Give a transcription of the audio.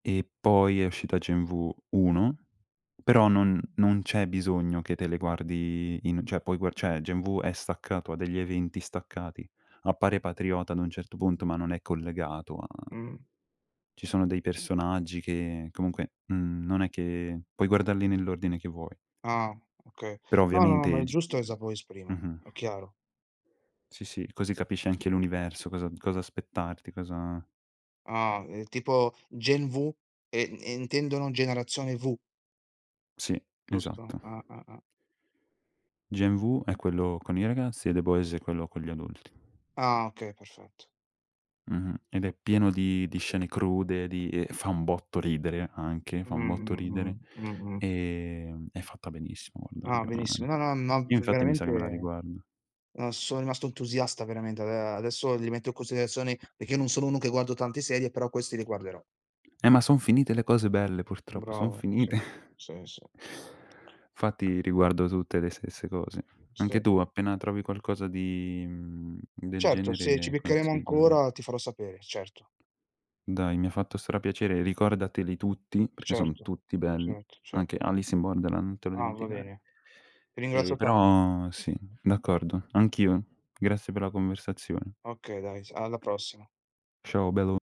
E poi è uscita Gen V 1, però non non c'è bisogno che te le guardi in cioè puoi gua cioè, Gen V è staccato, ha degli eventi staccati. Appare Patriota ad un certo punto, ma non è collegato a Mh. ci sono dei personaggi che comunque, mhmm, non è che puoi guardarli nell'ordine che vuoi. Ah, okay. Però No, no, no, ma ovviamente è g giusto eh, [unintelligible] The [unintelligible] Boys prima, mh-mh. è chiaro. Sì, sì, così capisci anche l'universo, cosa cosa aspettarti, cosa Ah, ehm, tipo Gen V e intendono generazione V? Sì, Giusto? esatto. Ah, ah, ah. Gen V è quello con i ragazzi e The Boys è quello con gli adulti. Ah, okay, perfetto. Mh-mh. Ed è pieno di di scene crude, di ehm, fa un botto ridere anche, Mh, fa un botto mh, ridere. mh, mh, mh. Ehm, è fatta benissimo, guarda Ah, io benissimo. No no no io ve infatti mi sa che me la veramente, riguardo. uhm, sono rimasto entusiasta veramente. Ade adesso li rimetto in considerazione, perché non sono uno che guardo tante serie, però questi li guarderò. Eh, ma son finite le cose belle, purtroppo, son Bravo, ma finite. sì, sì, sì. Fatti riguardo tutte le stesse cose. Anche Sì. tu appena trovi qualcosa di mhmm, del Certo, se ci genere beccheremo consigliami. ancora ti farò sapere, certo. Dai, mi ha fatto stra piacere. Ricordateli tutti, perché son Certo, tutti belli. certo, cert Anche Alice in Borderland, non te lo Ah, va dimenticare. bene. Ti Ehm, ringrazio tan però sì, d'accordo, anch'io. Grazie per la conversazione. Okay, dai, s alla prossima. Ciao bello.